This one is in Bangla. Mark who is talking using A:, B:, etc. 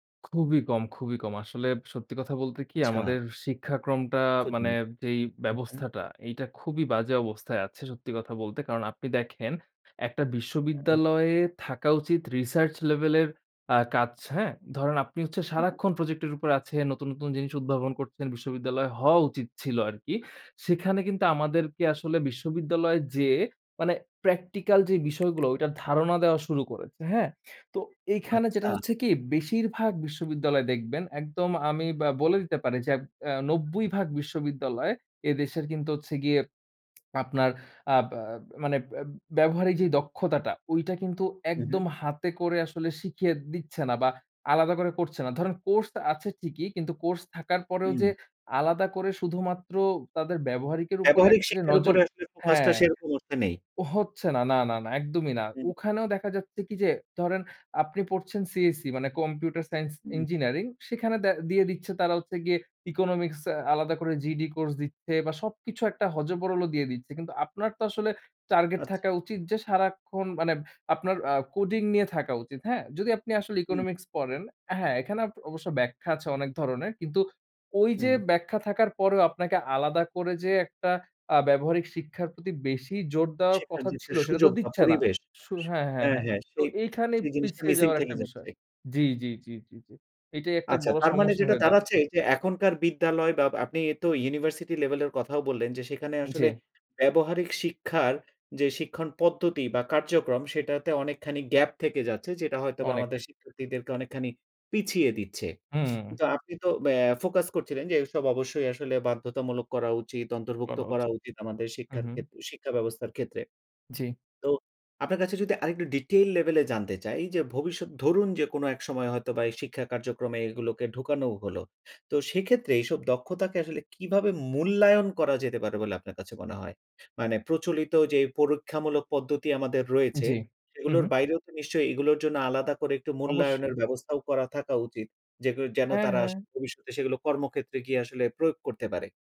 A: খুবই কম, খুবই কম। আসলে সত্যি কথা বলতে কি?
B: আচ্ছা।
A: আমাদের শিক্ষাক্রমটা মানে
B: [unintelligible]
A: যেই
B: হু, হু।
A: ব্যবস্থাটা, এইটা খুবই বাজে অবস্থায় আছে সত্যি কথা বলতে। কারণ আপনি দেখেন একটা
B: হুম।
A: বিশ্ববিদ্যালয়ে থাকা উচিত রিসার্চ লেভেল এর আ কাজ, হ্যাঁ? ধরেন আপনি হচ্ছে সারাক্ষণ প্রজেক্ট এর উপর আছেন, নতুন, নতুন জিনিস উদ্ভাবন করছেন। বিশ্ববিদ্যালয় হওয়া উচিত ছিল আরকি। সেখানে কিন্তু আমাদেরকে আসলে বিশ্ববিদ্যালয় যেয়ে মানে, প্র্যাকটিক্যাল যে বিষয়গুলো ধারণা দেওয়া শুরু করেছে। হ্যাঁ? তো এখানে যেটা
B: আচ্ছা।
A: হচ্ছে কি? বেশিরভাগ বিশ্ববিদ্যালয় দেখবেন একদম আমি আ বলে দিতে পারি যে অ ৯০ ভাগ বিশ্ববিদ্যালয়, এ দেশের কিন্তু হচ্ছে গিয়ে আপনার আব আ মানে ব্য ব্যবহারিক যে দক্ষতাটা, ওইটা কিন্তু
B: হু, হু।
A: একদম হাতে করে আসলে শিখিয়ে দিচ্ছে না বা আলাদা করে করছে না। ধরেন কোর্স আছে ঠিকই, কিন্তু কোর্স থাকার পরেও যে
B: হুম।
A: আলাদা করে শুধুমাত্র তাদের ব্যবহারিকের উপরে
B: ব্যবহারিক
A: একটা যে
B: শিক্ষার
A: নজর
B: উপরে আসলে ফোকাস টা
A: হ্যাঁ।
B: সেরকম অর্থে নেই।
A: হচ্ছে না, না না না, একদমই না।
B: হুম।
A: ওখানেও দেখা যাচ্ছে কি? যে, ধরেন আপনি পড়ছেন CSE মানে কম্পিউটার সাইন্স
B: হুম।
A: ইঞ্জিনিয়ারিং সেখানে দে দিয়ে দিচ্ছে তারা হচ্ছে গিয়ে ইকোনমিক্স আলাদা করে GED কোর্স দিচ্ছে বা সবকিছু একটা হযবরল দিয়ে দিচ্ছে। কিন্তু আপনার তো আসলে টার্গেট
B: আচ্ছা।
A: থাকা উচিত যে, সারাক্ষণ মানে আপনার আ কোডিং নিয়ে থাকা উচিত। হ্যাঁ? যদি আপনি আসলে
B: হুম।
A: ইকোনমিক্স পড়েন, হ্যাঁ, এখানে আব অবশ্য ব্যাখ্যা আছে অনেক ধরনের। কিন্তু ওই যে
B: হুম।
A: ব্যাখ্যা থাকার পরেও আপনাকে আলাদা করে যে একটা আ ব্যবহারিক শিক্ষার প্রতি বেশি জোর দেওয়ার
B: শেখার
A: কথা
B: যে একটা
A: ছিল সেটা তো
B: সুযোগ বা
A: দিচ্ছে না।
B: পরিবেশ।
A: সু
B: স
A: হ্যাঁ, হ্যাঁ,
B: হ্যাঁ,
A: হ্যাঁ।
B: হ্যাঁ
A: তো
B: সেই,
A: এইখানেই
B: সেই জিনিসটা
A: পিছিয়ে
B: মিসিং
A: যাওয়ার একটা
B: থেকেই যাচ্ছে।
A: বিষয় জি, জি, জি, জি, জি। এটাই একটা
B: আচ্ছা
A: বড়
B: তার মানে
A: সমস্যা
B: যেটা
A: হয়ে দাঁড়িয়ে
B: দাঁড়াচ্ছে যে এখনকার বিদ্যালয় বা আপনি তো ইউনিভার্সিটি লেভেলের কথাও বললেন যে, সেখানে
A: জি।
B: আসলে ব্যবহারিক শিক্ষার যে শিক্ষণ পদ্ধতি বা কার্যক্রম। সেটাতে অনেকখানি গ্যাপ থেকে যাচ্ছে। যেটা হয়তোবা
A: অনেক।
B: আমাদের শিক্ষার্থীদেরকে অনেকখানি পিছিয়ে দিচ্ছে।
A: হুম।
B: তো আপনি তো ব্যা ফোকাস করছিলেন যে এসব অবশ্যই আসলে বাধ্যতামূলক করা উচিত, অন্তর্ভুক্ত
A: করা
B: করা
A: উচিত।
B: উচিত, আমাদের
A: হু,
B: শিক্ষার
A: হু।
B: ক্ষেত্রে শিক্ষা ব্যবস্থার ক্ষেত্রে।
A: জি।
B: তো আপনার কাছে যদি আরেকটু ডিটেইল লেভেলে জানতে চাই যে ভবিষ্যৎ ধরুন যে কোনো এক সময় হয়তো বা এই শিক্ষা কার্যক্রমে এগুলোকে ঢুকানো হলো। তো সেক্ষেত্রে এসব দক্ষতাকে আসলে কিভাবে মূল্যায়ন করা যেতে পারে বলে আপনার কাছে মনে হয়? মানে প্রচলিত যে পরীক্ষামূলক পদ্ধতি আমাদের রয়েছে,
A: জি। হু,
B: সেগুলোর
A: হু।
B: বাইরেও তো নিশ্চয়ই এগুলোর জন্য আলাদা করে একটু
A: অবশ্যই।
B: মূল্যায়নের ব্যবস্থাও করা থাকা উচিত। যেগুলো যেন
A: হ্যাঁ,
B: তারা
A: হ্যাঁ।
B: ভবিষ্যতে সেগুলো কর্মক্ষেত্রে গিয়ে আসলে প্রয়োগ করতে পারে।